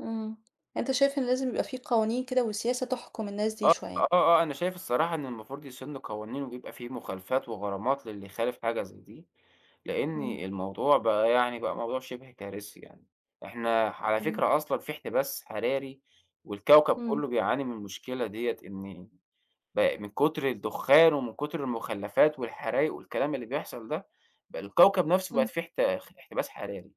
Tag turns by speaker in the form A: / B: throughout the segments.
A: امم، أنت شايف إن لازم يبقى في قوانين كده وسياسة تحكم الناس دي
B: آه، آه،
A: شويّة.
B: آه، أنا شايف الصراحة إن المفروض يسنُّوا قوانين ويبقى فيه مخالفات وغرامات للي يخالف حاجة زي دي، لإن
A: امم.
B: الموضوع بقى يعني بقى موضوع شبه كارثي يعني. إحنا على
A: امم.
B: فكرة أصلًا في احتباس حراري والكوكب كلّه
A: امم.
B: بيعاني من المشكلة ديَّة، إن ب من كتر الدخّان ومن كتر المخلَّفات والحرايق والكلام اللي بيحصل ده، ب الكوكب نفسه بقت
A: امم.
B: فيه احت خ احتباس حراري،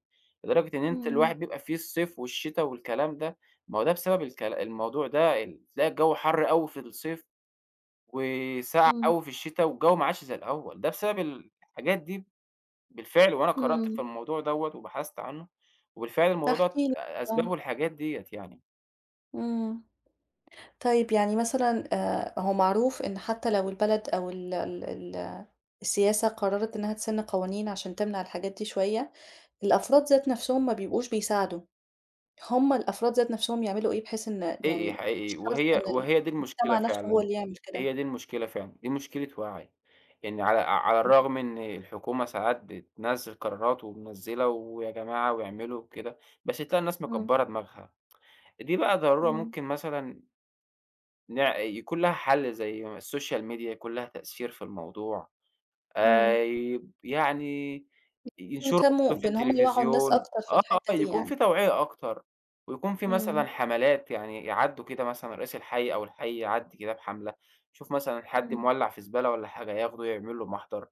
B: لدرجة إن أنت
A: امم.
B: الواحد بيبقى فيه الصيف والشتا والكلام ده، ما هو ده بسبب الكل الموضوع ده ال تلاقي الجو حر أوي في الصيف، وسقعة
A: امم.
B: أوي في الشتا، والجو ما عادش زي الأوّل، ده بسبب ال الحاجات دي بالفعل، وأنا قرأت في
A: امم
B: الموضوع دَوَّة وبحثت عنّه، وبالفعل الموضوع
A: احكِ
B: دوّة
A: لي،
B: أ
A: آه.
B: أسبابه الحاجات ديَّة يعني.
A: امم، طيب يعني مثلًا آآ، هو معروف إن حتّى لو البلد أو ال ال ال السياسة قررت إنها تسِن قوانين عشان تمنع الحاجات دي شويَّة، الأفراد ذات نفسهم ما بيبقوش بيساعدوا، همّ الأفراد ذات نفسهم يعملوا إيه بحيث إن
B: حقيقي،
A: يعني مش
B: حقيقي،
A: شرط إن
B: وهي وهي دي المشكلة
A: المجتمع نفسه هو
B: فعلًا،
A: اللي يعمل كده؟
B: هي دي المشكلة فعلًا، دي مشكلة وعي، يعني على على
A: امم.
B: الرغم إن الحكومة ساعات بتنزّل قرارات ومنزّلة ويا جماعة واعملوا وكده، بس تلاقى الناس
A: امم.
B: مكبَّرة دماغها. دي بقى ضرورة
A: امم.
B: ممكن مثلًا ن يكون لها حل زي السوشيال ميديا يكون ليها تأثير في الموضوع،
A: امم.
B: آآ يب يعني ينشروا
A: ويهتمُّوا
B: برضو في
A: بإن همّ يوعُّوا الناس
B: التليفزيون،
A: أكتر في
B: آه، آه،
A: الحتَّة دي
B: يكون
A: يعني
B: في توعية أكتر، ويكون في مثلًا
A: امم.
B: حملات، يعني يعدُّوا كده مثلًا رئيس الحي أو الحي يعدِّي كده بحملة يشوف مثلًا حد
A: امم.
B: مولع في زبالة والّا حاجة، ياخده يعمل له محضر،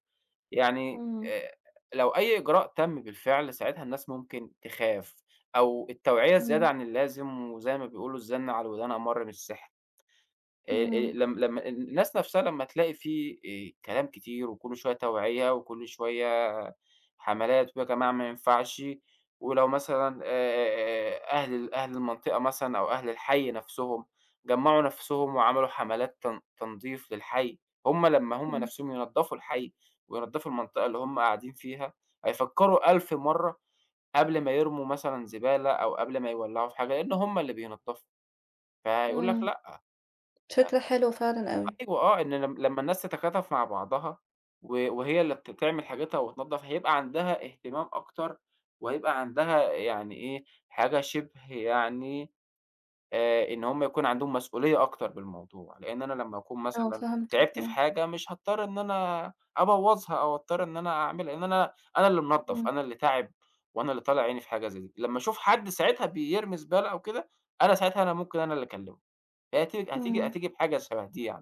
B: يعني
A: امم.
B: آآ، لو أي إجراء تم بالفعل ساعتها الناس ممكن تخاف، أو التوعية الزيادة
A: امم.
B: عن اللازم، وزي ما بيقولوا الزَّن على الودان أمرّ من السحر. أ أ
A: امم.
B: لم لمّا الناس نفسها لمّا تلاقي في آآ كلام كتير وكلّه شويّة توعية، وكل شويّة حملات، ويا جماعة ما ينفعش، ولو مثلًا آآ أهل ال أهل المنطقة مثلًا أو أهل الحي نفسهم جمَّعوا نفسهم وعملوا حملات تن تنضيف للحي، همّ لمّا همّ
A: امم.
B: نفسهم ينضفوا الحي وينضفوا المنطقة اللي هم قاعدين فيها هيفكرو ألف مرّة قبل ما يرموا مثلًا زبالة أو قبل ما يولعوا في حاجة، لإن همّ اللي بينضفوا فهيقول لك
A: امم.
B: لأ.
A: شكله حلو فعلًا
B: [unintelligible]
A: أوي.
B: أيوه آه، إن لم لمّا الناس تتكاتف مع بعضها و وهي اللي ت تعمل حاجتها وتنضف هيبقى عندها اهتمام أكتر، وهيبقى عندها يعني إيه حاجة شبه يعني آآ، إن همّ يكون عندهم مسؤوليّة أكتر بالموضوع، لإن أنا لمّا أكون
A: آه،
B: مثلًا
A: فهمتَك،
B: تعبت في
A: آه.
B: حاجة مش هاضطر إن أنا أبوظها أو أضطر إن أنا أعمل، لأن أنا أنا اللي منضف،
A: امم.
B: أنا اللي تاعب، وأنا اللي طالع عيني في حاجة زي دي، لمّا أشوف حد ساعتها بيرمي زبالة أو كده، أنا ساعتها أنا ممكن أنا اللي أكلمه، هي هتي هتيجي
A: امم.
B: هتيجي بحاجة شبه دي يعني.